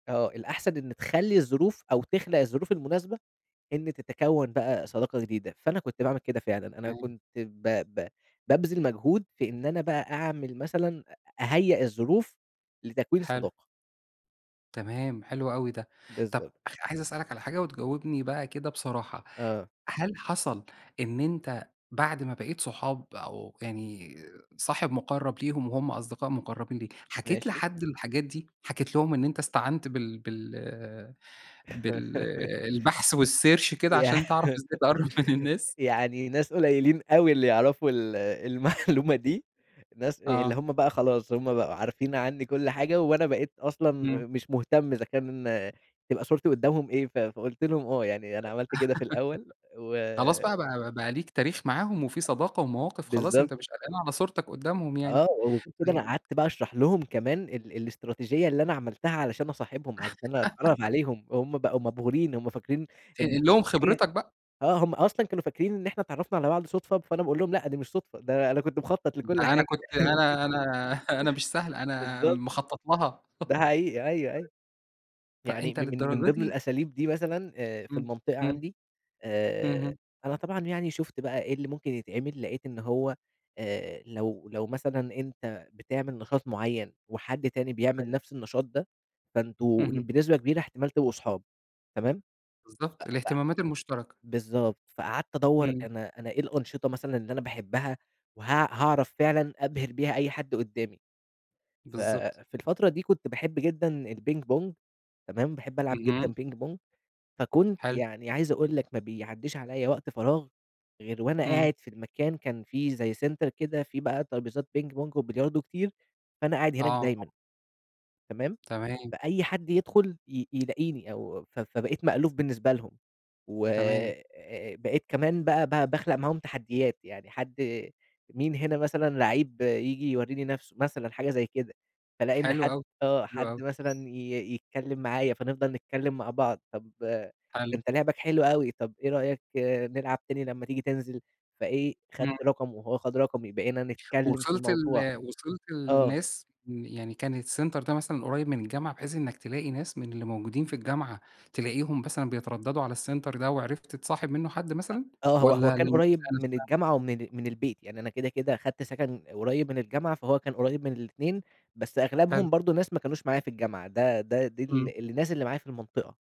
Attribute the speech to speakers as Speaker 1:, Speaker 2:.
Speaker 1: آه. الأحسن إن تخلّي الظروف أو تخلق الظروف المناسبة إن تتكون بقى صداقة جديدة، فأنا كنت باعمل كده فعلًا، أنا
Speaker 2: إمم.
Speaker 1: كنت ب ب بابذل مجهود في إن أنا بقى أعمل مثلًا أهيأ الظروف لتكوين
Speaker 2: حلو.
Speaker 1: الصداقة.
Speaker 2: تمام حلو أوي ده. طب
Speaker 1: بالضبط.
Speaker 2: خ عايز أسألك على حاجة وتجاوبني بقى كده بصراحة،
Speaker 1: آه.
Speaker 2: هل حصل إن أنت بعد ما بقيت صحاب أو يعني صاحب مقرَّب ليهم وهُم أصدقاء مقربين ليك، حكيت
Speaker 1: ماشي.
Speaker 2: لحد الحاجات دي، حكيت لهم إن أنت استعنت بال بال بال البحث والsearch كده
Speaker 1: ي
Speaker 2: عشان تعرَف إزاي تقرب من الناس؟
Speaker 1: يعني ناس قليلين أوي اللي يعرفوا ال المعلومة دي، ناس اللي
Speaker 2: آه.
Speaker 1: هُم بقى خلاص هُم بقوا عارفين عني كُل حاجة وأنا بقيت أصلًا
Speaker 2: إمم.
Speaker 1: مش مهتم إذا كان تبقى صورتي قدامهم إيه ف فقلت لهم آه يعني أنا عملت كده في الأول و
Speaker 2: خلاص بقى بقى بقى ليك تاريخ معاهم وفي صداقة ومواقف خلاص
Speaker 1: بالضبط.
Speaker 2: أنت مش قلقان على صورتك قدامهم يعني.
Speaker 1: آه. وغير كده أنا
Speaker 2: طيب
Speaker 1: قعدت بقى أشرح لهم كمان ال الإستراتيجية اللي أنا عملتها علشان أصاحبهم علشان أتعرَّف عليهم، وهُم بقوا مبهورين، هُم فاكرين إن
Speaker 2: تنقل
Speaker 1: كُل
Speaker 2: لهم
Speaker 1: حاجة
Speaker 2: خبرتك بقى.
Speaker 1: آه هُم أصلًا كانوا فاكرين إن إحنا اتعرفنا على بعض صُدفة، فأنا باقول لهم لأ دي مش صُدفة، ده أنا كنت مخطط
Speaker 2: ده
Speaker 1: لكل
Speaker 2: أنا
Speaker 1: حاجة.
Speaker 2: كنت أنا أنا أنا مش سهل، أنا
Speaker 1: بالضبط.
Speaker 2: مخطط لها
Speaker 1: ده حقيقي أيوه، أيوه.
Speaker 2: [unintelligible] ط
Speaker 1: يعني
Speaker 2: أنت
Speaker 1: من من
Speaker 2: للدرجة
Speaker 1: ضمن
Speaker 2: دي
Speaker 1: الأساليب دي مثلًا آآ في
Speaker 2: امم،
Speaker 1: المنطقة
Speaker 2: إمم.
Speaker 1: عندي آآ
Speaker 2: اهم.
Speaker 1: أنا طبعًا يعني شُفت بقى إيه اللي ممكن يتعمل لقيت إن هو آآ لو لو مثلًا أنت بتعمل نشاط معيّن وحد تاني بيعمل
Speaker 2: حلو.
Speaker 1: نفس النشاط ده، فأنتم
Speaker 2: اهم.
Speaker 1: بنسبة كبيرة احتمال تبقوا صحاب، تمام، ف
Speaker 2: بالضبط.
Speaker 1: ف
Speaker 2: الاهتمامات المشتركة.
Speaker 1: بالضبط. فقعدت أدوَّر
Speaker 2: إمم.
Speaker 1: أنا أنا إيه الأنشطة مثلًا اللي أنا باحبها وها هاعرف فعلًا أبهر بيها أي حد قدامي. ف
Speaker 2: بالضبط.
Speaker 1: في الفترة دي كنت باحب جدًا الPing Pong، تمام، باحب ألعب جدًا
Speaker 2: اهم.
Speaker 1: Ping Pong، فكنت
Speaker 2: حلو.
Speaker 1: يعني عايز أقول لك ما بيعدّيش عليَّ وقت فراغ غير وأنا
Speaker 2: إمم.
Speaker 1: قاعد في المكان، كان فيه زي سينتر كده فيه بقى ترابيزات Ping Pong وبلياردو كتير، فأنا قاعد هناك
Speaker 2: آه
Speaker 1: دايمًا،
Speaker 2: طبعًا.
Speaker 1: تمام.
Speaker 2: تمام.
Speaker 1: فأي حد يدخل ي يلاقيني أو ف فبقيت مألوف بالنسبة لهم،
Speaker 2: تمام.
Speaker 1: وآآ بقيت كمان بقى ب باخلق معاهم تحديات، يعني حد مين هنا مثلًا لعيب ييجي يوريني نفسه؟ مثلًا حاجة زي كده. فألاقي إن
Speaker 2: حلو
Speaker 1: حد
Speaker 2: أوي،
Speaker 1: آه
Speaker 2: حلو
Speaker 1: حد
Speaker 2: أوي.
Speaker 1: مثلًا ي يتكلم معايا فنفضَل نتكلم مع بعض، طب ده
Speaker 2: حلو.
Speaker 1: أنت لعبك حلو أوي، طَب إيه رأيك نلعب تاني لمّا تيجي تنزل، فإيه
Speaker 2: إمم.
Speaker 1: خدت رقمه وهو خد رقمي، بقينا نتكلم في
Speaker 2: وصِلت
Speaker 1: الموضوع
Speaker 2: ل وصِلت
Speaker 1: آه.
Speaker 2: لناس يعني كان السينتر ده مثلًا قريب من الجامعة بحيث إنك تلاقي ناس من اللي موجودين في الجامعة تلاقيهم مثلًا بيترددوا على السينتر ده وعرفت تصاحب منه حد
Speaker 1: أ
Speaker 2: مثلًا
Speaker 1: آه هو هو
Speaker 2: والّا؟
Speaker 1: كان قريب من
Speaker 2: [unintelligible]
Speaker 1: الجامعة ومن ال من البيت، يعني أنا كده كده خدت سكن قريب من الجامعة، فهو كان قريب من الاتنين، بس
Speaker 2: حلو.
Speaker 1: أغلبهم برضه ناس ما كانوش معايا في الجامعة، ده ده دي
Speaker 2: إمم.
Speaker 1: ال الناس اللي معايا في المنطقة.